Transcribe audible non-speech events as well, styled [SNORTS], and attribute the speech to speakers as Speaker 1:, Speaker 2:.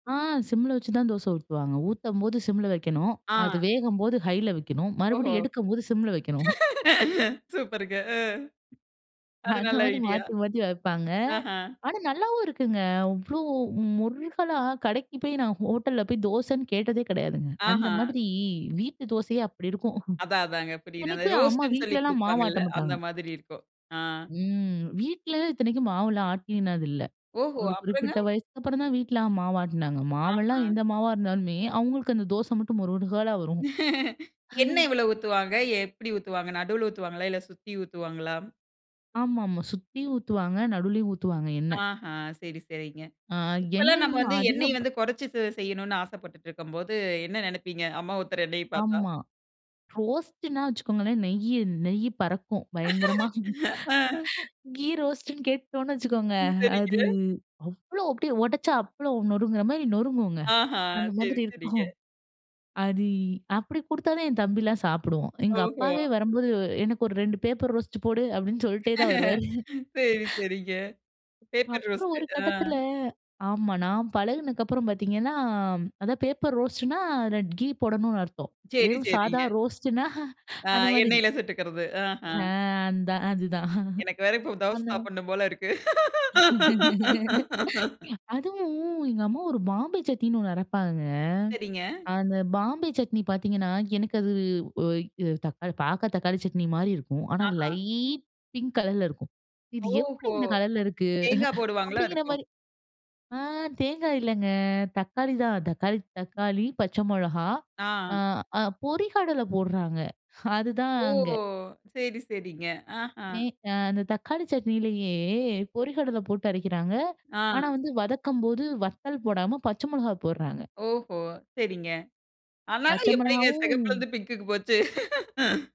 Speaker 1: ஆ, சிம்ல வச்சுதான் தோசை ஊத்துவாங்க. ஊத்தம்போது சிம்ல வைக்கணும். அது
Speaker 2: ஆ.
Speaker 1: வேகம்போது ஹைல வைக்கணும்.
Speaker 2: ஓஹோ!
Speaker 1: மறுபடியும் எடுக்கம்போது சிம்ல வைக்கணும். [SNORTS]
Speaker 2: [LAUGHS] சூப்பர்ங்க, அ. அது
Speaker 1: அந்த
Speaker 2: நல்ல
Speaker 1: மாதிரி
Speaker 2: ஐடியா.
Speaker 1: மாத்தி, மாத்தி வைப்பாங்க.
Speaker 2: ஆஹ.
Speaker 1: ஆனா நல்லாவும் இருக்குங்க. அவ்ளோ முறுகலா கடைக்கு போய் நான் ஹோட்டல்ல போய் தோசன்னு கேட்டதே கெடையாதுங்க. அந்த
Speaker 2: ஆஹ.
Speaker 1: மாதிரி வீட்டு தோசையே அப்டி இருக்கும்.
Speaker 2: அதா, அதாங்க.
Speaker 1: [SNORTS]
Speaker 2: புரியுது. அந்த
Speaker 1: இத்தனைக்கும் அம்மா
Speaker 2: ரோஸ்ட்னு சொல்லி
Speaker 1: வீட்லல்லாம் மாவு
Speaker 2: குடுப்பாங்கல்ல,
Speaker 1: ஆட்ட
Speaker 2: அந்த
Speaker 1: மாட்டாங்க.
Speaker 2: மாதிரி இருக்கும். ஆ.
Speaker 1: ம். வீட்லல இத்தனைக்கும் மாவுல்லாம் ஆட்டினது இல்ல.
Speaker 2: ஓஹோ!
Speaker 1: ஒரு குறிப்பிட்ட
Speaker 2: அப்புறங்க?
Speaker 1: வயசுக்கு அப்புறம் தான் வீட்ல மாவு ஆட்டுனாங்க. மாவுல்லாம்
Speaker 2: ஆஹ.
Speaker 1: எந்த மாவா இருந்தாலும்மே, அவுங்களுக்கு அந்த தோச மட்டும் மொறுகலா வரும்.
Speaker 2: [LAUGHS] எண்ணெய்
Speaker 1: [LAUGHS]
Speaker 2: எவ்வளவு ஊத்துவாங்க? எப்டி ஊத்துவாங்க? நடுவுல ஊத்துவாங்களா? இல்ல சுத்தி ஊத்துவாங்களா?
Speaker 1: ஆமா, ஆமா. சுத்தியும் ஊத்துவாங்க, நடுவுலயும் ஊத்துவாங்க எண்ணெய்.
Speaker 2: ஆஹ, சரி, சரிங்க.
Speaker 1: அ
Speaker 2: இப்பல்லாம்
Speaker 1: எண்ணெய்
Speaker 2: நம்ம
Speaker 1: நீ
Speaker 2: வந்து எண்ணெய்
Speaker 1: அதிகப்
Speaker 2: வந்து, கொறைச்சு செ செய்யணும்னு ஆசைப்பட்டுட்டு இருக்கும்போது, என்ன நெனைப்பீங்க? அம்மா ஊத்துற எண்ணெய பார்த்தா?
Speaker 1: ஆமா. ரோஸ்ட்னா வச்சுக்கோங்களேன், நெய்யி நெய்யி பறக்கும் பயங்கரமா.
Speaker 2: [LAUGHS] ஆ.
Speaker 1: [CHUCKLES] கீ ரோஸ்ட்னு கேட்டுட்டோம்னு வச்சுக்கோங்க, அது
Speaker 2: சரிங்க.
Speaker 1: அவ்வளவு அப்டியே ஒடச்சா அப்பளம் நொருங்குற மாதிரி நொருங்குங்க.
Speaker 2: ஆஹ,
Speaker 1: அந்த
Speaker 2: சரி,
Speaker 1: மாதிரி
Speaker 2: சரிங்க.
Speaker 1: இருக்கும். அது அப்டி குடுத்தாதான் என் தம்பில்லாம் சாப்பிடுவான். எங்க
Speaker 2: ஓஹோ!
Speaker 1: அப்பாவே வரம்போது "எனக்கு ஒரு 2 பேப்பர் ரோஸ்ட் போடு" அப்டின்னு சொல்லிட்டே தான்
Speaker 2: [LAUGHS]
Speaker 1: வருவாரு.
Speaker 2: சரி,
Speaker 1: [CHUCKLES]
Speaker 2: சரிங்க. பேப்பர்
Speaker 1: அப்புறம்
Speaker 2: ரோஸ்ட்.
Speaker 1: ஒரு
Speaker 2: ஆ.
Speaker 1: கட்டத்துல ஆமா, நான் பழகுனதுக்கு அப்புறம் பாத்தீங்கன்னா, அதாவது பேப்பர் ரோஸ்ட்னா அதுல கீ போடணும்னு அர்த்தம்.
Speaker 2: சேரி,
Speaker 1: வெறும் சாதா
Speaker 2: சேரிங்க.
Speaker 1: ரோஸ்ட்னா [CHUCKLES]
Speaker 2: ஆ,
Speaker 1: அந்த மாதிரி.
Speaker 2: எண்ணெயில சுட்டுக்கிறது. ஆஹா.
Speaker 1: ஆ, அதான், அதுதான்.
Speaker 2: எனக்கு வேற
Speaker 1: [CHUCKLES]
Speaker 2: இப்ப தோசை
Speaker 1: அத
Speaker 2: சாப்பிடணும் போல இருக்கு. [LAUGHS]
Speaker 1: [LAUGHS] அதுவும் எங்க அம்மா ஒரு பாம்பே சட்னின்னு ஒண்ணு அரைப்பாங்கங்க.
Speaker 2: சரிங்க.
Speaker 1: அந்த பாம்பே சட்னி பாத்தீங்கன்னா, எனக்கு அது ஒ எ தக்காளி பார்க்க தக்காளி சட்னி மாரி இருக்கும். ஆனா
Speaker 2: ஆஹா.
Speaker 1: லைட் பிங்க் கலர்ல இருக்கும்." இது எப்டி
Speaker 2: ஓஹோ!
Speaker 1: இந்த கலர்ல இருக்கு?"
Speaker 2: தேங்கா போடுவாங்களா
Speaker 1: அப்படிங்கிற
Speaker 2: இருக்கும்!
Speaker 1: மாரி ஆ தேங்காய் இல்லங்க, தக்காளி தான் தக்காளி தக்காளி, பச்சை மொளகா,
Speaker 2: ஆ.
Speaker 1: அ அ பொரிகடல போட்றாங்க. அதுதான்
Speaker 2: ஓ!
Speaker 1: அங்க.
Speaker 2: சரி, சரிங்க. அஹா.
Speaker 1: எ அ அந்த தக்காளி சட்னியிலயே பொரிகடலை போட்டு அரைக்கிறாங்க. ஆனா
Speaker 2: ஆ.
Speaker 1: வந்து, வதக்கும் போது வத்தல் போடாம பச்சை மொளகா போட்றாங்க.
Speaker 2: ஓஹோ! சரிங்க. ஆனாலும்,
Speaker 1: பச்சை
Speaker 2: எப்டிங்க
Speaker 1: மொளகாவும்
Speaker 2: சிகப்புல இருந்து பிங்குக்கு போச்சு? [LAUGHS]